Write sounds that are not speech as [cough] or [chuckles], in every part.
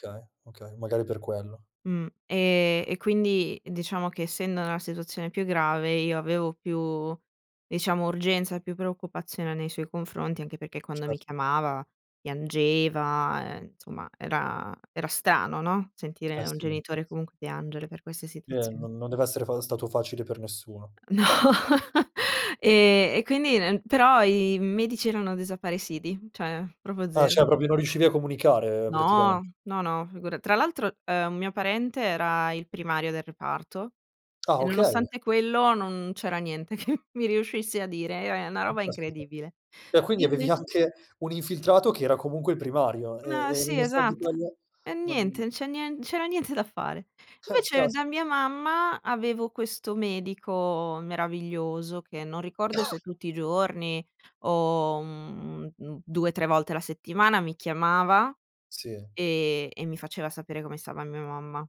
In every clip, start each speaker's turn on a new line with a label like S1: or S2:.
S1: Okay, okay, magari per quello.
S2: Mh, e e quindi diciamo che essendo nella situazione più grave io avevo più diciamo urgenza, più preoccupazione nei suoi confronti, anche perché quando
S1: Cer
S2: mi chiamava piangeva, ehm, insomma era era strano, no. Sentire un
S1: Astinenz
S2: genitore comunque piangere per queste
S1: Eh
S2: situazion
S1: non non deve essere fa stato facile per nessuno.
S2: No E e quindi n però i medici erano desaparecidi; cioè proprio
S1: Ah, cioè
S2: zero.
S1: proprio non riuscivi a comunicare praticament
S2: No, no, no, figura tra l'altro, ehm, un mio parente era il primario del reparto
S1: Ah
S2: e
S1: okay.
S2: nonostante quello non c'era niente che mi riuscisse a dire, e era na
S1: Mh,
S2: roba
S1: caspita.
S2: incredibile.
S1: E quindi
S2: Io
S1: avevi
S2: invece
S1: anche un infiltrato che era comunque il primario e
S2: No,
S1: e
S2: sì,
S1: nonostante
S2: esatt
S1: quello,
S2: e niente,
S1: non
S2: non c'è nie non c'era niente da fare.
S1: Eh,
S2: Invece
S1: cas
S2: da mia mamma avevo questo medico meraviglioso che non ricordo se
S1: [coughs]
S2: tutti i giorni o, mhmm, mhmm, 2, 3 volte la settimana mi chiamava
S1: Sì.
S2: e e mi faceva sapere come stava mia mamma.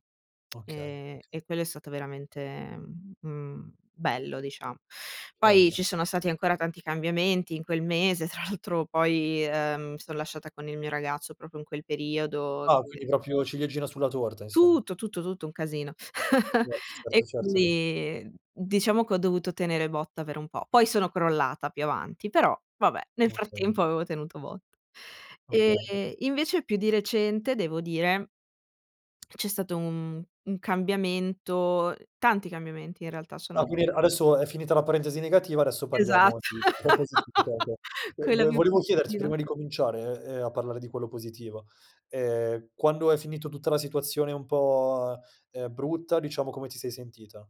S2: [smacks lips]
S1: Okay,
S2: Ehm,
S1: okay.
S2: e quello è stato veramente, mhmm, mhmm, bello dicia Poi
S1: Certo.
S2: ci sono stati ancora tanti cambiamenti in quel mese, tra l'altro poi, ehm, mi son lasciata con il mio ragazzo proprio in quel periodo, e
S1: Ah
S2: quindi
S1: quindi proprio ciliegina sulla torta insomm
S2: Tutto, tutto, tutto, un casino. [chuckles]
S1: Yes.
S2: E
S1: Certo, certo.
S2: quindi diciamo che ho dovuto tenere botta per un po'. Poi sono crollata più avanti, però vabbè, nel
S1: Okay.
S2: frattempo avevo tenuto botta.
S1: Okay.
S2: E invece più di recente devo dire [smacks lips] c'è stato un un cambiamento tanti cambiamenti in realtà
S1: Ah,
S2: sono
S1: quindi a adesso è finita la parentesi negativa, adesso
S2: Esat
S1: parliamo di qualcosa di più
S2: [laughs]
S1: [unintelligible]
S2: quella
S1: vo
S2: più
S1: volevo chiederti prima
S2: positiva.
S1: di cominciare, ehm, a parlare di quello positiva, ehm, quando hai finito tutta la situazione un po', ehm, brutta, diciamo, come ti sei sentita?